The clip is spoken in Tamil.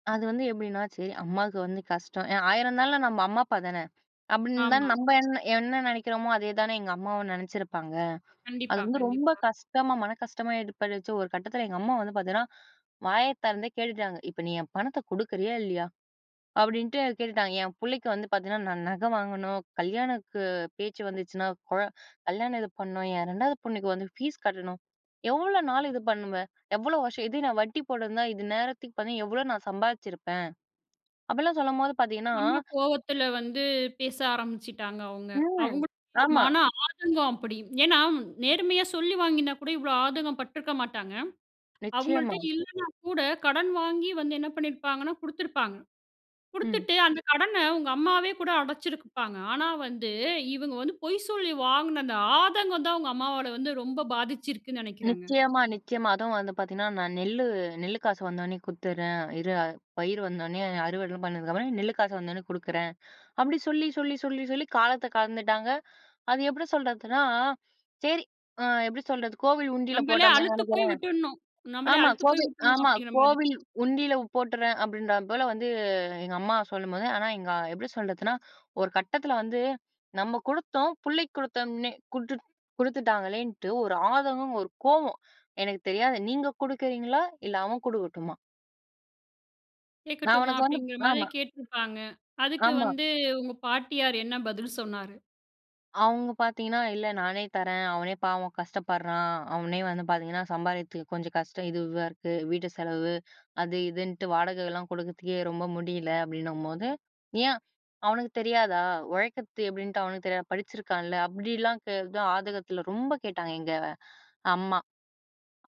அது வந்து எப்டின்னா, சரி அம்மாவுக்கு வந்து கஷ்டம், ஏன் ஆயிரம்ன்னாளும் நம்ம அம்மா அப்பா தானே! அப்டின்னு தான் ஆமா. நம்ப என்ன என்ன நெனைக்கிறோமோ, அதே தானே எங்க அம்மாவும் நெனைச்சிருப்பாங்க. அது கண்டிப்பா, வந்து ரொம்ப கண்டிப்பா. கஷ்டமா, மன கஷ்டமா ஏற்பட்டுச்சு ஒரு கட்டத்தில எங்க அம்மா வந்து பாத்தீங்கன்னா, வாய திறந்தே கேட்டுட்டாங்க, "இப்ப நீ என் பணத்தை குடுக்குறியா இல்லையா?" அப்படின்ட்டு கேட்டுட்டாங்க. "என் புள்ளைக்கு வந்து பாத்தீங்கன்னா, நான் நகை வாங்கணும். கல்யாணக்கு பேச்சு வந்துச்சுனா, குழ கல்யாணம் இது பண்ணணும், என் 2ஆவது பொண்ணுக்கு வந்து ஃபீஸ் கட்டணும், எவ்ளோ நாள் இது பண்ணுவ? எவ்வளோ வருஷம்? இது நான் வட்டி போட்டிருந்தா இது நேரத்துக்கு பார்தீ எவ்வளோ நான் சம்பாதிச்சிருப்பேன்" அப்படிலாம் சொல்லும்போது பாத்தீங்கன்னா நம்ம கோவத்தில வந்து பேச ஆரம்பிச்சுட்டாங்க அவுங்க. ம். அவுங்களுடைய ஆமா. மன ஆதங்கம் அப்படி. ஏன்னா, நேர்மையா சொல்லி வாங்கினா கூட இவ்வளோ ஆதங்கம் பட்டுருக்க மாட்டாங்க. நிச்சயமா. அவுங்கள்ட்ட இல்லைன்னா கூட, கடன் வாங்கி வந்து என்ன பண்ணிருப்பாங்கன்னா, குடுத்துருப்பாங்க. ம். குடுத்துட்டு, அந்த கடன உங்க அம்மாவே கூட அடைச்சிருப்பாங்க. ஆனா, வந்து இவுங்க வந்து பொய் சொல்லி வாங்கின அந்த ஆதங்கம் தான், உங்க அம்மாவாள வந்து ரொம்ப பாதிச்சிருக்குன்னு நினைக்கிறேங்க. நிச்சயமா, நிச்சயமா. அதுவும் வந்து பாத்தீங்கன்னா, "நான் நெல்லு நெல்லு காசு வந்தவோன்னே குடுத்துறேன். இரு பயிர் வந்தோனே அறுவடைலாம் பண்ணதுக்கு அப்புறம் நெல்லு காசு வந்தவுன்னே குடுக்குறேன்" அப்படி சொல்லி சொல்லி சொல்லி சொல்லி காலத்த கடந்துட்டாங்க. அது எப்படி சொல்றதுன்னா, சரி அ எப்டி சொல்றது? கோவில் உண்டில நம்பளே போட்டோமேன்னு அலுத்து நெனைக்கிறேன். போய் விட்டுட்ணும் நம்மளே ஆமா, அலுத்து போயி "கோவில் உட்டுட்ணும், ஆமா அப்டிங்கிற மாதிரி. கோவில் உண்டியில போட்டுடுறேன்" அப்படின்ற போல வந்து, எங்க அம்மா சொல்லும்போது, ஆனா எங்க எப்படி சொல்றதுன்னா, ஒரு கட்டத்தில வந்து நம்ம குடுத்தோம் புள்ளைக்கு குடுத்தோம்ன்னே, குடுத்து குடுத்துட்டாங்களேன்னுட்டு, ஒரு ஆதங்கம், ஒரு கோவம். எனக்கு தெரியாது நீங்க குடுக்குறீங்களா? இல்ல அவன் குடுக்கட்டுமா? நான் கேக்கட்டுமா அவனுக்கு வந்து அப்டிங்கிற மாரி ஆமா, கேட்டிருப்பாங்க. அதுக்கு ஆமா. வந்து உங்க பாட்டியார் என்ன பதில் சொன்னாரு? அவங்க பாத்தீங்கன்னா, "இல்ல நானே தரேன், அவனே பாவம் கஷ்டப்படுறான். அவனே வந்து பாத்தீங்கன்னா, சம்பாரிக்கிறதுக்கு கொஞ்சம் கஷ்டம் இதுவா இருக்கு. வீட்டு செலவு, அது, இதுன்ட்டு, வாடகைலாம் கொடுக்குறதுக்கே ரொம்ப முடியல," அப்படின்னம்போது, "ஏன்? அவனுக்கு தெரியாதா? உழைக்கற்த்து எப்படின்ட்டு அவனுக்கு தெரியாதா? படிச்சிருக்கான்ல" அப்படிலாம் கே அதான் ஆதங்கத்தில ரொம்ப கேட்டாங்க எங்க அம்மா.